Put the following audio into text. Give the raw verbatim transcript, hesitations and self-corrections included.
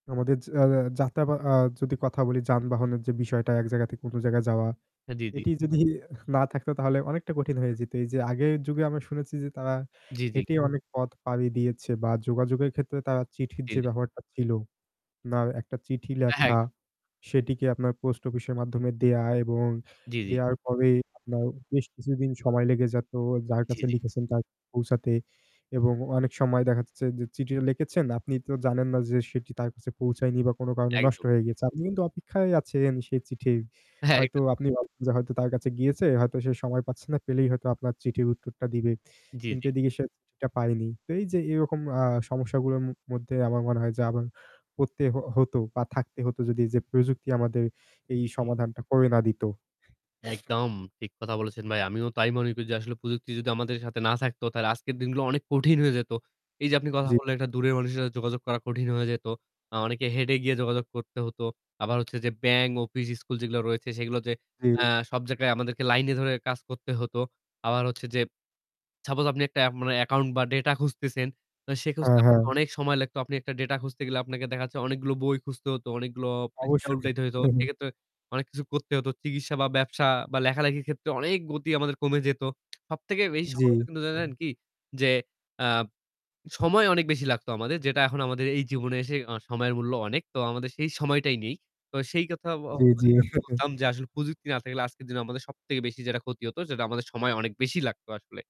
আমাদের যা যা যাত্রা বা আ যদি কথা বলি যানবাহনের যে বিষয়টা এক জায়গা থেকে অন্য জায়গা যাওয়া, হ্যাঁ, জি, জি। এটি যদি না থাকতো তাহলে অনেকটা কঠিন হয়ে যেত। এই যে আগের যুগে আমরা শুনেছি যে তারা জি, জি। হেঁটে অনেক পথ পাড়ি দিয়েছে বা যোগাযোগের ক্ষেত্রে তারা চিঠির জি, যে জি। ব্যবহারটা ছিল, now একটা চিঠি হ্যাঁ, হ্যাঁ লেখা একদম। সেটিকে আপনার পোস্ট অফিসের মাধ্যমে দেওয়া এবং জি, জি। দেওয়ার পরে আপনার বেশ কিছুদিন সময় লেগে যাত যার জি, কাছে জি। লিখেছেন তার কাছে পৌঁছাতে এবং অনেক সময় দেখা যাচ্ছে যে চিঠিও লিখেছেন আপনি তো জানেন না যে সেটি তার কাছে পৌঁছায়নি বা কোন কারণে নষ্ট একদম। হয়ে গিয়েছে, আপনি কিন্তু অপেক্ষায় আছেন সে চিঠির। হ্যাঁ, হয়তো একদম। আপনি ভাবতেছেন যে হয়তো তার কাছে গিয়েছে, হয়তো সে সময় পাচ্ছে না, পেলেই হয়তো আপনার চিঠির উত্তরটা দিবে। জি, কিন্তু জি। এদিকে সে চিঠিটা পায়নি। এই যে এরকম আ সমস্যাগুলাম মধ্যে আমার মনে হয় যে আমার করতে হ হতো বা থাকতে হতো যদি এই যে প্রযুক্তি আমাদের এই জি, জি। সমাধানটা করে না দিত। একদম ঠিক কথা বলেছেন ভাই, আমিও তাই মনে করি যে আসলে প্রযুক্তি যদি আমাদের সাথে না থাকতো তাহলে আজকের দিনগুলো অনেক কঠিন হয়ে যেত। এই যে আপনি কথা জি। বললেন একটা দূরের মানুষের সাথে যোগাযোগ করা কঠিন হয়ে যেত। অ অনেকে হেডে এ গিয়ে যোগাযোগ করতে হতো। আবার হচ্ছে যে ব্যাংক, অফিস, স্কুল যেগুলা রয়েছে সেগুলাতে জি। অ্যা সব জায়গায় আমাদেরকে লাইনে ধরে কাজ করতে হত। আবার হচ্ছে যেপ suppose আপনি একটা এপ মানে account বা data খুঁজতেছেন, আ সে খুঁজতে হ্যাঁ, হ্যাঁ। আপনাকে অনেক সময় লাগতো। আপনি একটা data খুঁজতে গেলে আপনাকে দেখা যাচ্ছে অনেকগুলো বই খুঁজতে হত, অনেকগুলো পৃষ্ঠা অবশ্যই। উল্টাইতে হত। সেক্ষেত্রে অনেক কিছু করতে হত। চিকিৎসা বা ব্যবসা বা লেখালেখির ক্ষেত্রে অনেক গতি আমাদের কমে যেত। সবথেকে বেশি সম জি, [unintelligible] কিন্তু জানেন হুম। কি? যে আ সময় অনেক বেশি লাগতো আমাদের যেটা এখন আমাদের এই জীবনে এসে অ সময়ের মূল্য অনেক, তো আমাদের সেই সময়টাই নেই। তো সেই কথা ব [unintelligible] জি, বা জি। যেটা বলতাম যে আসলে প্রযুক্তি না থাকলে আজকের দিনে আমাদের সবথেকে বেশি যেটা ক্ষতি হতো সেটা আমাদের সময় অনেক বেশি লাগতো আসলে।